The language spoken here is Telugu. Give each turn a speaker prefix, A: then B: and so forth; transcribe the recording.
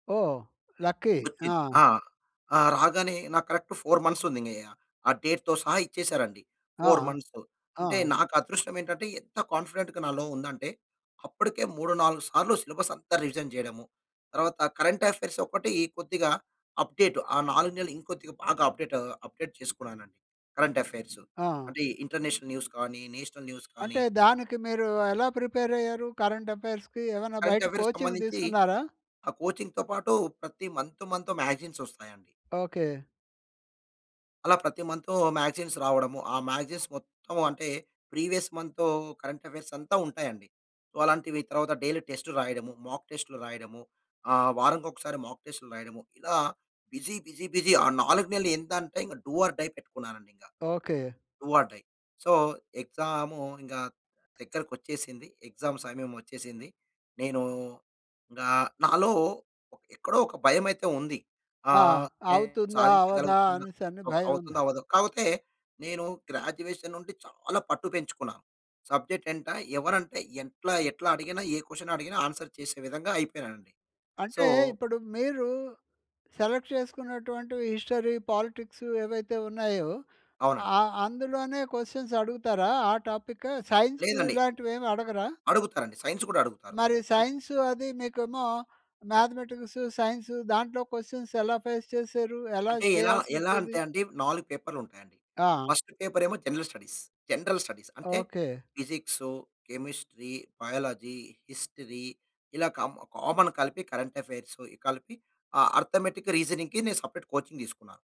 A: ఓహ్! లక్కీ.
B: వచ్చింది.
A: ఆ!
B: ఆ! రాగానే నాకు కరెక్ట్ 4 మంత్స్ ఉంది ఇంగ ఆ డే‌ట్‌తో సహా ఇచ్చేసారు అండి
A: ఆ!
B: 4 మంత్సు. అంటే
A: ఆ!
B: నాకు అదృష్టం ఏంటంటే, ఎంత కాన్ఫిడెంట్‌గా నాలో ఉందంటే అప్పటికే 3, 4 సార్లు సిలబస్ అంతా రివిజన్ చేయడము, తరువాత కరెంట్ అఫైర్స్ ఒక్కటి కొద్దిగా అప్డేట్ ఆ! 4 నెలలు ఇంకొద్దిగా బాగా అప్డేట్ అప్డేట్ చేసుకున్నానండి. కరెంట్ అఫైర్సు
A: ఆ!
B: అంటే ఇంటర్నేషనల్ న్యూస్ కానీ, నేషనల్ న్యూస్ కానీ
A: అంటే దానికి మీరు ఎలా ప్రిపేర్ అయ్యారు? కరెంట్ అఫైర్స్‌‌కి ఏమైనా
B: కరెంట్
A: బయట
B: అఫైర్స్‌కి
A: కోచింగ్
B: సంబంధించి
A: తీసుకున్నారా?
B: ఆ కోచింగ్‌తో పాటు ప్రతి మంత్ మంత్ మాగజైన్స్ వస్తాయండి.
A: ఓకే.
B: అలా ప్రతి మంతు మాగజైన్స్ రావడము ఆ! మ్యాగజైన్స్ మొత్తం అంటే ప్రీవియస్ మంతూ కరెంట్ అఫైర్స్ అంతా ఉంటాయండి. సో, అలాంటివి తరువాత డైలీ టెస్ట్‌లు రాయడం మాక్‌టెస్ట్‌లు రాయడము ఆహ్, వారంకి ఒకసారి మాక్‌టెస్ట్‌లు రాయడము ఇలా బిసీ, బిసీ, బిసీ ఆ! 4 నెలలు ఎంత అంటే ఇంగ డు ఆర్ డై పెట్టుకున్నానండి ఇంగ.
A: Okay.
B: Do or die. So, exam ఇంగ దగ్గరకకొచ్చేసింది. ఎగ్జామ్ సమయం వచ్చేసింది. నేను ఆహ్, నాలో ఎక్కడో ఒక భయమయితే ఉంది. ఆ!
A: ఆ! అవుతుందా? అవ్వదా?
B: సాధించగలుగుతానా,
A: అనేసని భయం
B: అవుతుందో
A: ఉంది.
B: అవ్వదో, కాకపోతే నేను గ్రాడ్యుయేషన్ నుంటి చాలా పట్టు పెంచుకున్నాను. సబ్జెక్ట్ ఏంట ఎవరు అంటే ఎట్లా, ఎట్లా అడిగిన ఏ క్వషన్ అడిగిన ఆన్సర్ చేసే విధంగా అయిపోయినానండి. సో
A: అంటే ఇప్పుడు మీరు సెలెక్ట్ చేసుకున్నటువంటివి హిస్టరీ, పాలిటిక్సు ఏవైతే ఉన్నాయో.
B: అవునండి.
A: ఆహ్, అందులోనే క్వషన్స్ అడుగుతారా? ఆ టాపిక్ సైన్సు
B: లేదండి.
A: ఇలాంటివి ఏమి అడగరా?
B: అడుగుతారండి సైన్స్ గూడా అడుగుతారు.
A: మరి సైన్సు అది మీకేమో మ్యాథమేటిక్స్, సైన్స్ దాంట్లో క్వషన్స్ ఎలా ఫేస్ చేసారు? ఎలా
B: అంటే ఎలా,
A: చేయాల్సి
B: ఎలా
A: వచ్చేది?
B: అంటే అండి 4 పేపర్లు ఉంటాయి అండి.
A: ఆ!
B: ఫస్ట్ పేపర్ ఏమో జనరల్ స్టడీస్. జనరల్ స్టడీస్ అంటే
A: okay.
B: Physics, chemistry, biology, history ఇలా కామ్ కామన్ కలిపి కరెంట్ అఫైర్స్ కలిపి అర్థమటిక్ రీజనింగ్ నేను సపరేట్ కోచింగ్ తీసుకున్నాను.